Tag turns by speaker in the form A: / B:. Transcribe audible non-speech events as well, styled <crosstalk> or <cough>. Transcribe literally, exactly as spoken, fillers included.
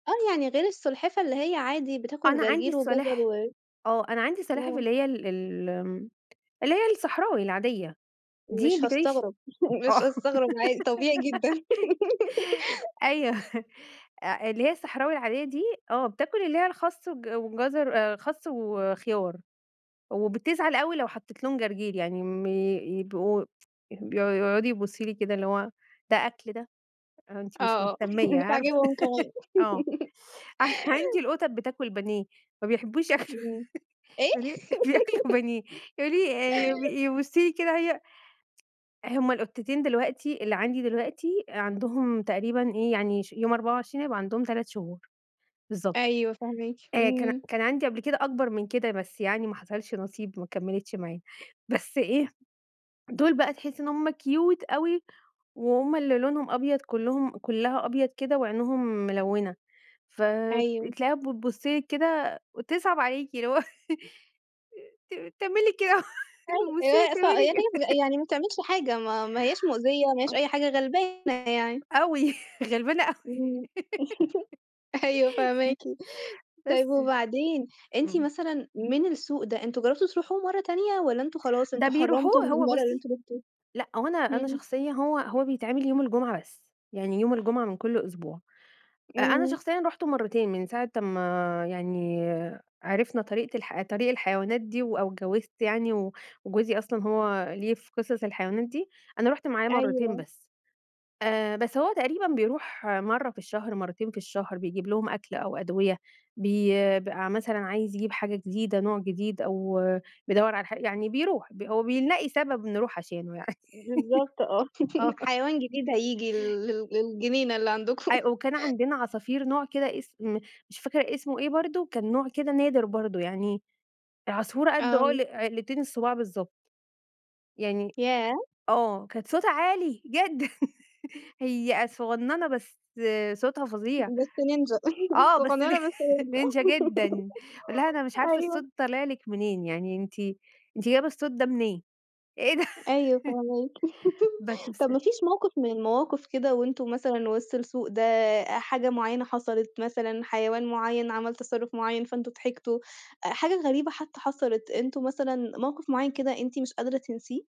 A: آه، يعني غير السلحفة اللي هي عادي، بتاكل
B: أنا عندي
A: جرجير وجزر
B: السلاح
A: و
B: آه، أنا عندي السلاحف
A: إمم.
B: اللي هي ال الم اللي هي الصحراوي العادية، دي
A: مش
B: بتعيش؟
A: هاستغرب، <laughs> مش
B: آه،
A: هاستغرب عادي، طبيعي جدًا.
B: <giggles> أيوه
A: <giggles>
B: أ اللي هي الصحراوي العادية دي، آه، بتاكل اللي هي الخس والج والجزر آآ، خس وخيار، وبتزعل أوي لو حطيت لهم جرجير يعني م يبقوا <tsk> يح بي يقعدوا يبُصوا لي كده اللي هو ده أكل ده؟ آآ، أنتِ مش
A: آه، آه
B: مهتمية،
A: <chuckles> مش
B: عارفة
A: عاجبهم كمان.
B: <laughs> آه، أصل عندي
A: <laughs>
B: القطط بتاكل بانيه، ما بيحبوش ياكلوا
A: إمم، إيه؟!
B: بانيه، بياكلوا
A: <laughs>
B: بانيه يعني آآ، يب
A: <chuckles>
B: يبُصوا لي كده هي <tsk> هم القطتين دلوقتي اللي عندي دلوقتي، آآ، عندهم تقريبًا إيه يعني ش يوم أربعة وعشرين هيبقى عندهم تلات شهور، بالضبط.
A: أيوه، فاهماكِ
B: آآ، كان
A: إمم.
B: كان عندي قبل كده أكبر من كده، بس يعني ما حصلش نصيب ما كمّلِتش معايا، بس إيه، دول بقى تحسّي إن هم كيوت أوي وهم اللي لونهم أبيض كلّهم كلّها أبيض كده، وعينيهم ملوّنة، ف
A: أيوه.
B: بتلاقيها بتبُص لِك كده وتصعب عليكِ، اللي هو <laughs> آآ، ت تعمل لِك كده هو
A: أي
B: وابُص لها تعمل لي
A: <unintelligible>
B: ك
A: يعني ما بتعملش حاجة، ما ما هياش مؤذية، ما هياش
B: <unintelligible>
A: أي حاجة، غلبانة يعني.
B: أوي، غلبانة أوي
A: إمم، <laughs> أيوه فاهماكِ،
B: <laughs> بس
A: طيب
B: ف
A: وبعدين، أنتِ
B: إمم.
A: مثلًا من السوق ده، أنتم جربتوا تروحوه مرّه تانية؟ والَّا أنتم خلاص
B: ده
A: أنتم حرّمتوا
B: بيروحوه
A: من
B: هو
A: المرّه اللي
B: بُصّي،
A: أنتم رُحتوها؟
B: لأ هو أنا أنا
A: همم.
B: شخصيًا هو هو بيتعمل يوم الجمعة بس، يعني يوم الجمعة من كل أسبوع. أ أنا
A: إمم.
B: شخصيًا رُحتُه مرتين من ساعة أمّا يعني عرفنا طريقة الح طريق الحيوانات دي و أو اجوّزت يعني و وجوزي أصلًا هو ليه في قصص الحيوانات دي، أنا رُحت معاه مرتين
A: أيوه.
B: بس، آآ، بس هو تقريبًا بيروح مرّه في الشهر، مرتين في الشهر، بيجيب لهم أكل أو أدوية بي ب مثلًا عايز يجيب حاجة جديدة، نوع جديد، أو بيدوّر على حا يعني بيروح ب هو بيلاقي سبب نروح عشانه يعني،
A: بالضبط آه،
B: <laughs> آه.
A: <laughs> حيوان جديد هييجي ال لل للجنينة اللي عندكم.
B: أيوه، وكان
A: <laughs>
B: عندنا عصافير نوع كده إسم مش فاكرة إسمه إيه برضه، كان نوع كده نادر برضه يعني، العصفورة قد
A: آه.
B: عُقل عِقلتين الصُباع بالضبط، يعني
A: ياه!
B: آه، كانت صوتها عالي جدًا <laughs> هي أ صغننة بس صوتها
A: ب
B: فظيع،
A: بس نينجا، <laughs>
B: آه، بس <laughs> ن
A: صغنّنة بس نينجا، <laughs>
B: نينجا جدًا، أقول لها أنا مش عارفة
A: أيوه.
B: الصوت طالع لِك منين، يعني أنتِ أنتِ جايبة الصوت ده منين؟ إيه ده!
A: أيوه فاهماكِ،
B: <laughs> بس
A: <laughs> طب
B: بس
A: ما فيش موقف من المواقف كده وأنتم مثلًا وِسط السوق ده، آآ، حاجة معيّنة حصلت، مثلًا حيوان معيّن عمل تصرّف معيّن فأنتم ضحكتوا، أ حاجة غريبة حتى حصلت، أنتم مثلًا موقف معيّن كده أنتِ مش قادرة تنسيه؟